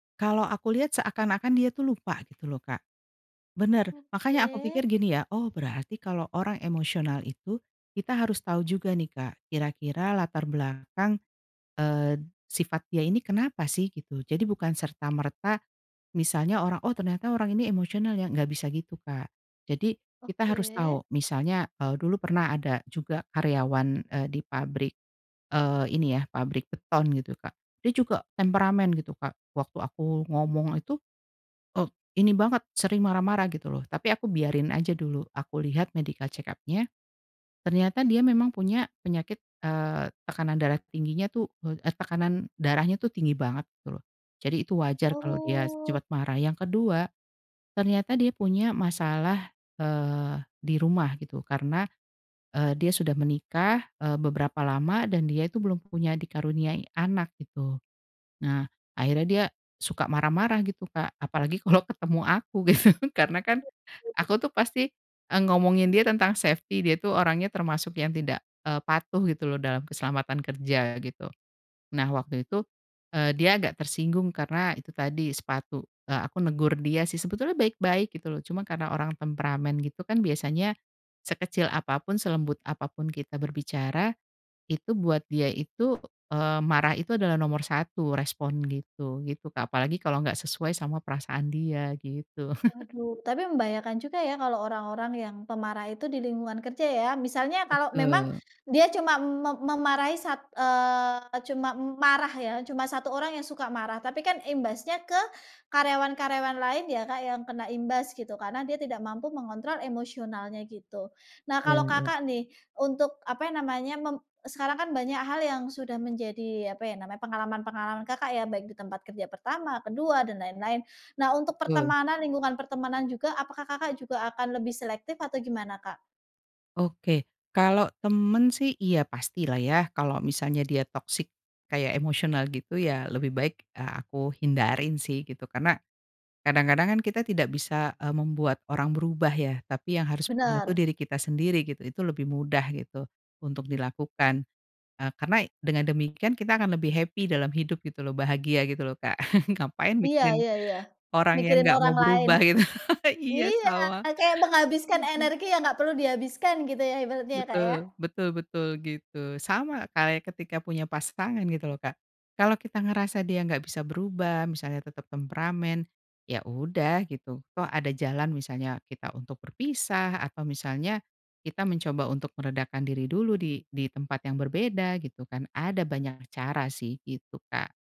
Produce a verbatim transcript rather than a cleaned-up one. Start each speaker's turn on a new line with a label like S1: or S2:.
S1: Kalo aku lihat seakan-akan dia tuh lupa gitu loh, Kak, bener makanya aku
S2: Oke.
S1: pikir gini ya, "Oh berarti kalo orang emosional itu, kita harus tahu juga nih, Kak, kira-kira latar belakang, eee, sifat dia ini kenapa sih?" Gitu. Jadi bukan serta-merta misalnya orang, "Oh ternyata orang ini emosional ya," nggak bisa gitu Kak, jadi kita harus
S2: Oke.
S1: tau misalnya, eee, dulu pernah ada juga karyawan, eee, di pabrik, eee, ini ya, pabrik beton gitu Kak, dia juga temperamen gitu Kak waktu aku ngomong itu, e ini banget sering marah-marah gitu loh, tapi aku biarin aja dulu, aku lihat medical check-up-nya, ternyata dia memang punya penyakit, eee, tekanan darah tingginya tuh, eee, tekanan darahnya tuh tinggi banget gitu loh. Jadi itu wajar kalau dia
S2: Oh.
S1: cepet marah. Yang kedua, ternyata dia punya masalah, eee, di rumah gitu karena, eee, dia sudah menikah, eee, beberapa lama dan dia itu belum punya dikaruniai anak gitu, nah, akhirnya dia suka marah-marah gitu Kak, apalagi kalo ketemu aku, gitu karena kan aku tuh pasti, eee, ngomongin dia tentang safety, dia tuh orangnya termasuk yang tidak, eee, patuh gitu loh dalam keselamatan kerja, gitu. Nah waktu itu, eee, dia agak tersinggung karena itu tadi, sepatu, eee, aku negur dia sih sebetulnya baik-baik gitu loh cuma karena orang temperamen gitu kan biasanya sekecil apa pun, selembut apa pun kita berbicara, itu buat dia itu, eee, marah itu adalah nomor satu respon gitu gitu Kak apalagi kalo nggak sesuai sama perasaan dia, gitu.
S2: Waduh, tapi membahayakan juga ya, kalo orang-orang yang pemarah itu di lingkungan kerja ya, misalnya kalo memang
S1: Betul.
S2: dia cuma me memarahi sat eee, cuma m marah ya, cuma satu orang yang suka marah, tapi kan imbasnya ke karyawan-karyawan lain ya Kak yang kena imbas gitu, karena dia tidak mampu mengontrol emosionalnya gitu. Nah
S1: Iya
S2: kalau
S1: iya.
S2: Kakak nih, untuk apa ya namanya, mem sekarang kan banyak hal yang sudah menjadi apa ya namanya, pengalaman-pengalaman Kakak ya, baik di tempat kerja pertama, kedua dan lain-lain. Nah untuk
S1: Betul.
S2: pertemanan, lingkungan pertemanan juga apakah Kakak juga akan lebih selektif atau gimana, Kak?
S1: Oke, kalo temen sih iya pastilah ya, kalo misalnya dia toxic kayak emosional gitu ya lebih baik, eee, aku hindarin sih gitu karena, kadang-kadang kan kita tidak bisa, eee, membuat orang berubah ya tapi yang harus punya tuh
S2: Bener.
S1: diri kita sendiri gitu, itu lebih mudah gitu untuk dilakukan, eee, karena dengan demikian kita akan lebih happy dalam hidup gitu loh bahagia gitu loh, Kak. Ngapain
S2: Iya
S1: mikirin
S2: iya iya.
S1: orang yang
S2: Mikirin
S1: nggak
S2: orang
S1: mau
S2: lain.
S1: berubah gitu. Iya,
S2: Iya
S1: sama.
S2: kayak menghabiskan
S1: Aduh.
S2: energi yang nggak perlu dihabiskan gitu ya, ibaratnya ya, Kak, ya?
S1: Betul, betul betul gitu. Sama kayak ketika punya pasangan gitu loh, Kak. kalo kita ngerasa dia nggak bisa berubah, misalnya tetep temperamen, ya udah gitu, toh ada jalan misalnya kita untuk berpisah, atau misalnya kita mencoba untuk meredakan diri dulu di di tempat yang berbeda gitu kan, ada banyak cara sih gitu, Kak.